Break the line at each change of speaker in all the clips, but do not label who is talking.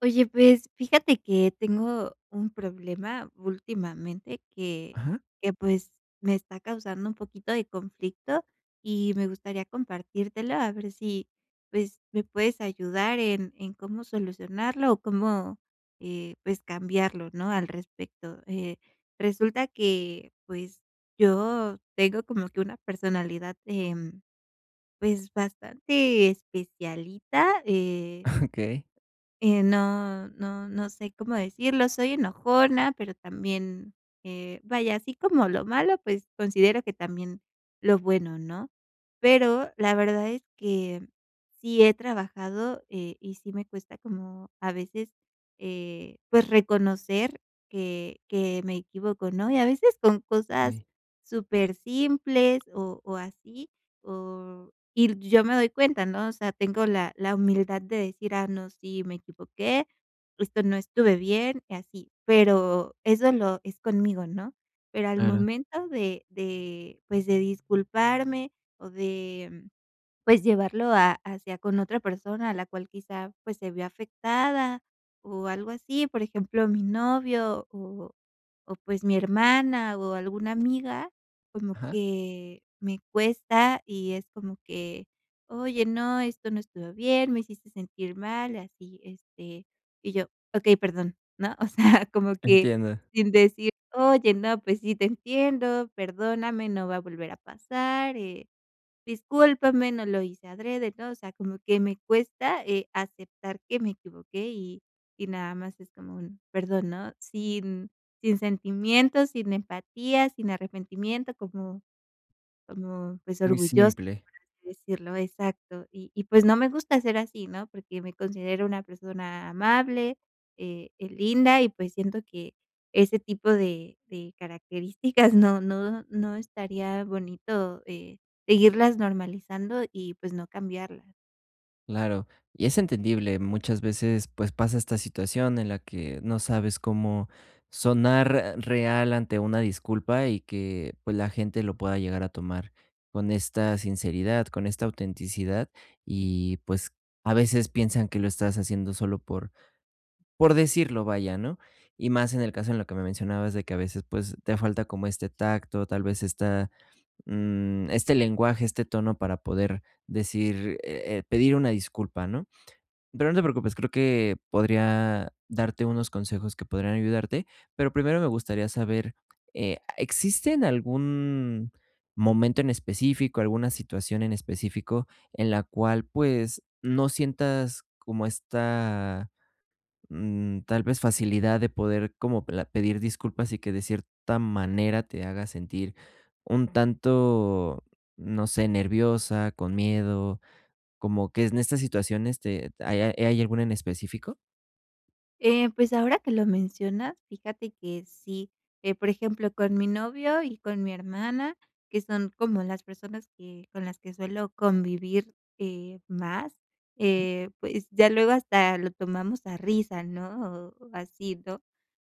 Oye, pues fíjate que tengo un problema últimamente que
Ajá.
que pues me está causando un poquito de conflicto y me gustaría compartírtelo a ver si pues. me puedes ayudar en en cómo solucionarlo o cómo, eh, pues cambiarlo, ¿no?, al respecto. Eh, resulta que pues yo tengo como que una personalidad, em, pues bastante especialita, eh
Okey.
eh, no no no sé cómo decirlo. Soy enojona, pero también, eh, vaya así como lo malo, pues considero que también lo bueno, ¿no?, pero la verdad es que sí he trabajado, eh, y sí me cuesta como a veces, eh, pues reconocer que que me equivoco, ¿no? Y a veces con cosas
Sí.
súper simples, o o así o y l yo me doy cuenta, ¿no?, o sea, tengo la la humildad de decir: "Ah, no, sí me equivoqué. Esto no estuve bien" y así, pero eso lo es conmigo, ¿no?, pero al
Claro.
momento de de, pues de disculparme o de pues llevarlo a hacia con otra persona a la cual quizá pues se vio afectada o algo así, por ejemplo, mi novio o o pues mi hermana o alguna amiga, como
Ajá.
que me cuesta y es como que: "Oye, no, esto no estuvo bien, me hiciste sentir mal" y así, este y yo: "Okey, perdón, ¿no?", o sea, como que
Entiendo.
sin decir: "Oye, no, pues sí, te entiendo, perdóname, no va a volver a pasar, eh, discúlpame, no lo hice adrede", ¿no? O sea, como que me cuesta, eh, aceptar que me equivoqué y y nada más es como un "Perdón", ¿no?, sin sin sentimientos, sin empatía, sin arrepentimiento como como pues
Muy
orgullosa,
simple.
por así decirlo. Exacto. Y y pues no me gusta ser así, ¿no?, porque me considero una persona amable, eh eh, linda y pues siento que ese tipo de de características no no no estaría bonito, eh, seguirlas normalizando y pues no cambiarla.
Claro, y es entendible muchas veces, pues, pasa esta situación en la que no sabes cómo sonar r real ante una disculpa y que, pues, la gente lo pueda llegar a tomar con esta sinceridad, con esta autenticidad, y pues, a veces piensan que lo estás haciendo solo por por decirlo, vaya, ¿no?, y más en el caso en lo que me mencionabas de que a veces, pues, te falta como este tacto, tal vez esta, mm, este lenguaje, este tono para poder decir, e eh, pedir una disculpa, ¿no? Pero no te preocupes, creo que podría darte unos consejos que podrían ayudarte, pero primero me gustaría saber, eh, ¿existen algún momento en específico alguna situación en específico, en la cual pues, no sientas como esta, mm, tal vez facilidad de poder como pla pedir disculpas?, y que de cierta manera te haga sentir un tanto, no sé, nerviosa, con miedo, como que s en estas situaciones te ¿ha hay hay alguna en específico?
Eh, pues ahora que lo mencionas, fíjate que sí, eh, por ejemplo, con mi novio y con mi hermana, que son como las personas que con las que suelo convivir, eh, más, eh, pues ya luego hasta lo tomamos a risa, ¿no? O, ¿así, no?,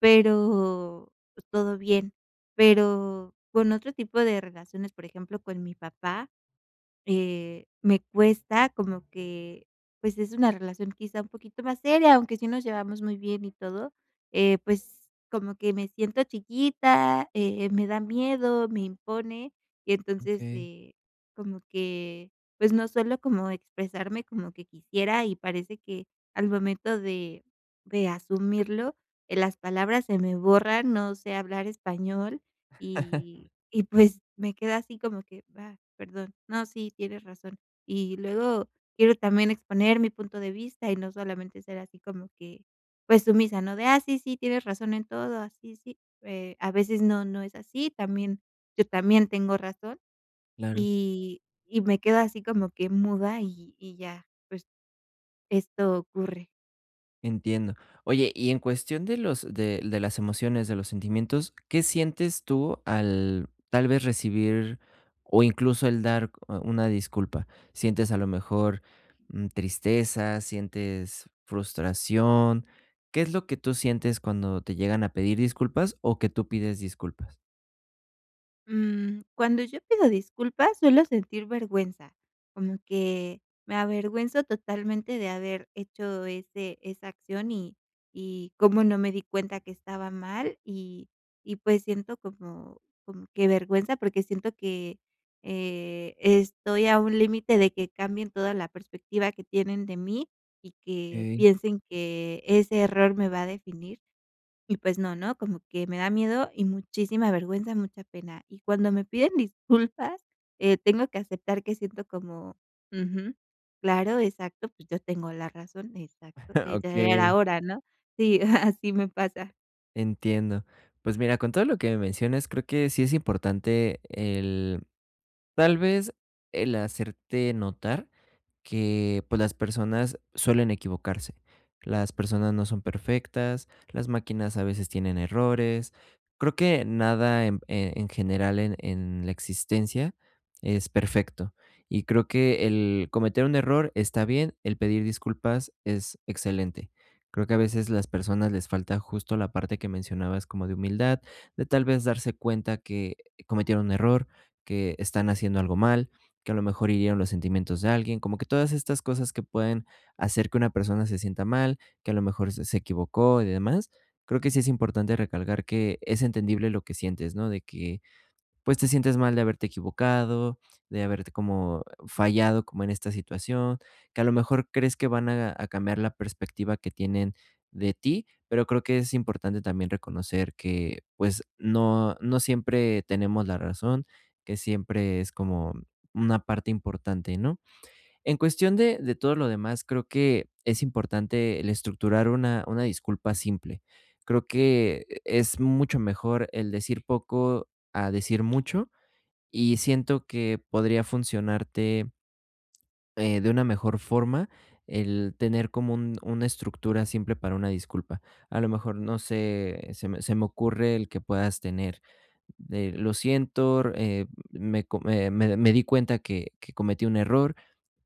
pero, pues todo bien, pero con otro tipo de relaciones, por ejemplo, con mi papá, eh, me cuesta como que, pues es una relación quizá un poquito más seria, aunque sí nos llevamos muy bien y todo, eh, pues como que me siento chiquita, eh, me da miedo, me impone y entonces,
Okey.
eh, como que pues no suelo como expresarme como que quisiera y parece que al momento de de asumirlo, las palabras se me borran. No sé hablar español y y, pues, me quedo así como que: "Va, perdón, no, sí, tienes razón". Y luego quiero también exponer mi punto de vista y no solamente ser así como que, pues sumisa, ¿no?, de: "Ah, sí, sí, tienes razón en todo". "Ah sí, sí", eh, a veces no, no es así, también yo también tengo razón
Claro.
y y me quedo así como que muda y y ya, pues, esto ocurre.
Entiendo. Oye, y en cuestión de los de l de las emociones, de los sentimientos, ¿qué sientes tú al tal vez recibir o incluso el dar u una disculpa? ¿Sientes, a lo mejor, mm, tristeza, sientes frustración? ¿Qué es lo que tú sientes cuando te llegan a pedir disculpas o que tú pides disculpas?
Mm. Cuando yo pido disculpas, suelo sentir vergüenza, como que me avergüenzo totalmente de haber hecho ese esa acción y y cómo no me di cuenta que estaba mal, y y pues siento como como que vergüenza porque siento que, eh, estoy a un límite de que cambien toda la perspectiva que tienen de mí y que
Okey.
piensen que ese error me va a definir. Y pues no, ¿no? Como que me da miedo y muchísima vergüenza, mucha pena, y cuando me piden disculpas, eh, tengo que aceptar que siento como Ujú, claro Exacto, pues yo tengo la razón Exacto, eh, ya era
Okey.
hora, ¿no? Sí, así me pasa.
Entiendo. Pues mira, con todo lo que me mencionas, creo que sí es importante el tal vez, el hacerte notar que, pues, las personas suelen equivocarse. Las personas no son perfectas, las máquinas a veces tienen errores. Creo que nada en p e en general, en en la existencia, es perfecto y creo que el cometer un error está bien. El pedir disculpas es excelente. Creo que a veces las personas les falta justo la parte que mencionabas, como de humildad, de tal vez darse cuenta que cometieron un error, que están haciendo algo mal, que a lo mejor hirieron los sentimientos de alguien, como que todas estas cosas que pueden hacer que una persona se sienta mal, que a lo mejor se se equivocó y demás. Creo que sí es importante recalcar que es entendible lo que sientes, ¿no?, de que, pues, te sientes mal de haberte equivocado, de haberte como fallado como en esta situación, que a lo mejor crees que van a a cambiar la perspectiva que tienen de ti, pero creo que es importante también reconocer que, pues, no no siempre tenemos la razón, que siempre es como una parte importante, ¿no? En cuestión de de todo lo demás, creo que es importante el estructurar una una disculpa simple. Creo que es mucho mejor el decir poco a decir mucho y siento que podría funcionarte eh, de una mejor forma, el tener como un una estructura simple para una disculpa. A lo mejor no sé, se me se me ocurre el que puedas tener, eh, "lo siento, r eh, me co m eh, me me me di cuenta que que cometí un error,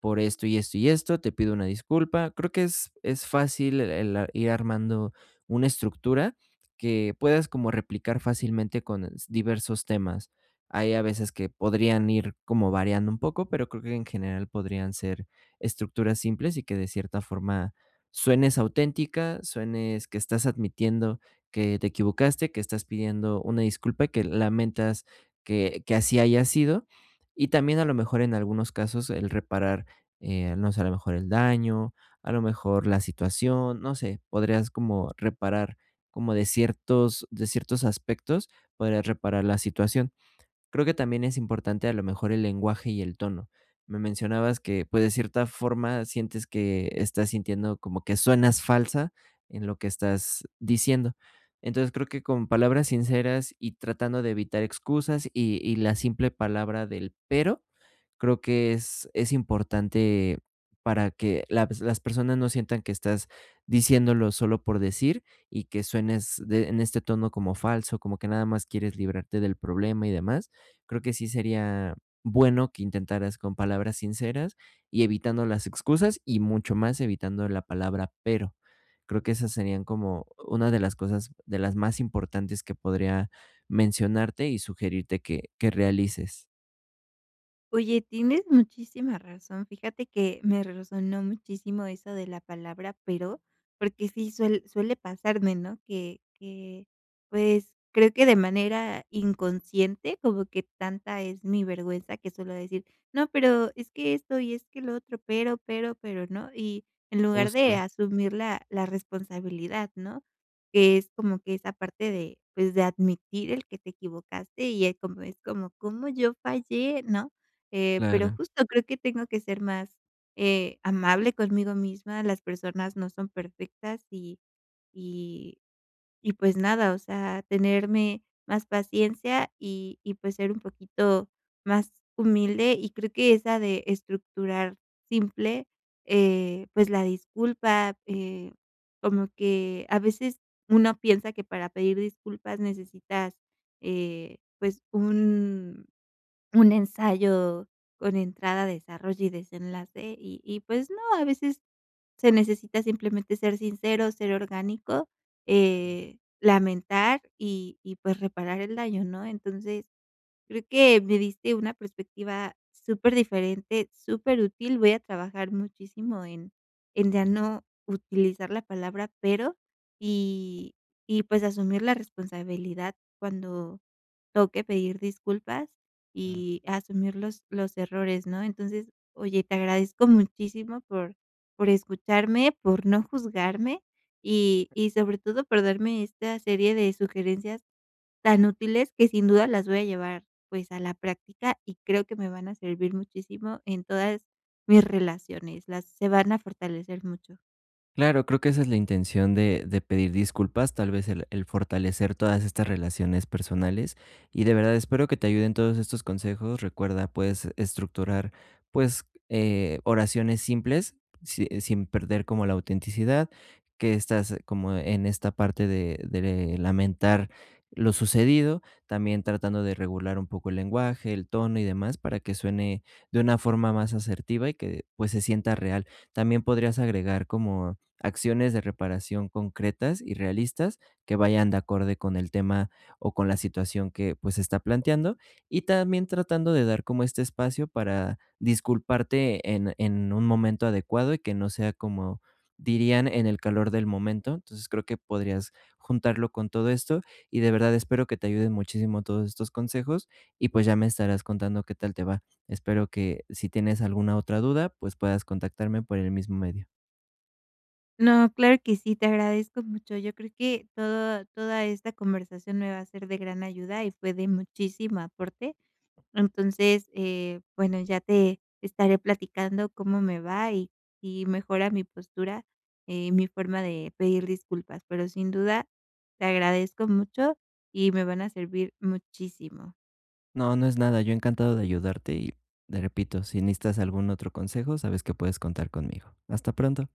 por esto y esto y esto, te pido una disculpa". Creo que es es fácil el, ah, ir armando una estructura que puedas como replicar fácilmente con s diversos temas. Hay a veces que podrían ir como variando un poco, pero creo que en general podrían ser estructuras simples y que de cierta forma suenes auténtica, suenes que estás admitiendo que te equivocaste, que estás pidiendo una disculpa, que lamentas que que así haya sido y también a lo mejor en algunos casos el reparar, eh, no sé, a lo mejor el daño, a lo mejor la situación, no sé, podrías como reparar, como de ciertos de ciertos aspectos, podrías reparar la situación. Creo que también es importante a lo mejor el lenguaje y el tono. Me mencionabas que, pues, de cierta forma sientes que estás sintiendo como que suenas falsa en lo que estás diciendo. Entonces creo que con palabras sinceras y tratando de evitar excusas y y la simple palabra del "pero", creo que es es importante para que laps las personas no sientan que estás diciéndolo solo por decir y que suenes de en este tono como falso, como que nada más quieres librarte del problema y demás. Creo que sí sería bueno que intentaras con palabras sinceras y evitando las excusas y, mucho más, evitando la palabra "pero"; creo que esas serían como una de las cosas de las más importantes que podría mencionarte y sugerirte que que realices.
Oye, tienes muchísima razón. Fíjate que me resonó muchísimo eso de la palabra, pero porque sí suel suele pasarme, ¿no? Que que pues creo que de manera inconsciente como que tanta es mi vergüenza que suelo decir: "No, pero es que esto y que lo otro, pero, pero, pero", ¿no? Y en lugar de
Justo.
asumir la la responsabilidad, ¿no? Que es como que esa parte de pues de admitir el que te equivocaste y es como es como ¿cómo yo fallé, ¿no? Eh, pero
Claro.
justo creo que tengo que ser más, eh, amable conmigo misma. Las personas no son perfectas y y y pues nada, o sea, tenerme más paciencia y y pues ser un poquito más humilde y creo que esa de estructurar simple, eh, pues la disculpa, eh, como que a veces uno piensa que para pedir disculpas necesitas, eh, pues un un ensayo con entrada, desarrollo y desenlace y y pues no, a veces se necesita simplemente ser sincero, ser orgánico,
Claro.
eh, lamentar y y pues reparar el daño, ¿no? Entonces creo que me diste una perspectiva superdiferente, superútil. Voy a trabajar muchísimo en en ya no utilizar la palabra "pero" y y pues asumir la responsabilidad cuando toque pedir disculpas
Claro.
y asumir los los errores, ¿no? Entonces oye, te agradezco muchísimo por por escucharme, por no juzgarme y y sobre todo por darme esta serie de sugerencias tan útiles que sin duda las voy a llevar pues a la práctica y creo que me van a servir muchísimo en todas mis relaciones, las se van a fortalecer mucho.
Claro, creo que esa es la intención de de pedir disculpas, tal vez el el fortalecer todas estas relaciones personales. Y de verdad espero que te ayuden todos estos consejos. Recuerda, puedes estructurar, pues, eh, oraciones simples, si, eh, sin perder como la autenticidad que estás como en esta parte de de lamentar lo sucedido, también tratando de regular un poco el lenguaje, el tono y demás para que suene de una forma más asertiva y que, pues, se sienta real. También podrías agregar como acciones de reparación concretas y realistas que vayan de acorde con el tema o con la situación que, pues, se está planteando y también tratando de dar como este espacio para disculparte en en un momento adecuado y que no sea como dirían: "en el calor del momento". Entonces creo que podrías juntarlo con todo esto y de verdad espero que te ayudes muchísimo todos estos consejos y, pues, ya me estarás contando qué tal te va. Espero que si tienes alguna otra duda, pues, puedas contactarme por el mismo medio.
No, claro que sí. Te agradezco mucho. Yo creo que todo toda esta conversación me va a ser de gran ayuda y fue de muchísimo aporte. Entonces, eh, bueno, ya te estaré platicando cómo me va y y mejora mi postura, eh, mi forma de pedir disculpas, pero sin duda te agradezco mucho y me van a servir muchísimo.
No, no es nada. Yo encantado de ayudarte. Y te repito, si necesitas algún otro consejo, sabes que puedes contar conmigo. Hasta pronto.